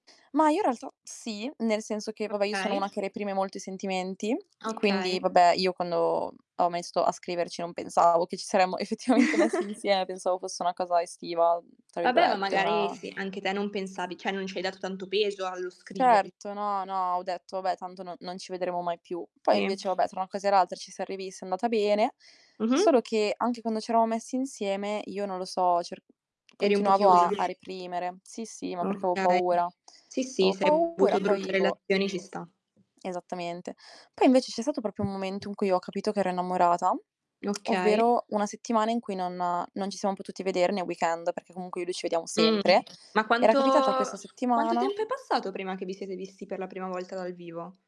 Mah, io in realtà, sì, nel senso che, vabbè, io sono Okay. una che reprime molto i sentimenti quindi, Okay. vabbè, io quando ho mesto a scriverci non pensavo che ci saremmo effettivamente messi insie pensavo fosse una cosa "estiva", mhmm, tra Vabbè, ma virgolette, magari, una sì, anche te non pensavi cioè, non ci hai dato tanto peso allo scrivergli. Certo. No, no, ho detto: "Vabbè, tanto no non ci vedremo mai più." Poi Sì. invece, vabbè, tra una cosa e l'altra ci siam rivisti, è andata bene, Mh-mh. solo che anche quando ci eravamo messi insieme io, non lo so, cer Eri un po' continuavo chiusa. a a reprimere. Sì, sì, ma perché avevo Okay. paura. Sì, sì, Avevo se hai paura, avuto brutte poi boh. relazioni ci sta. Esattamente. Poi invece c'è stato proprio un momento Mh-mh. in cui ho capito che ero innamorata, Okay. ovvero 1 settimana in cui non non ci siamo potuti vedere ne weekend, perché comunque io e lui ci vediamo Mh, sempre. ma Era quanto capitata questa quanto settimana tempo è passato prima che vi siete visti per la prima volta dal vivo?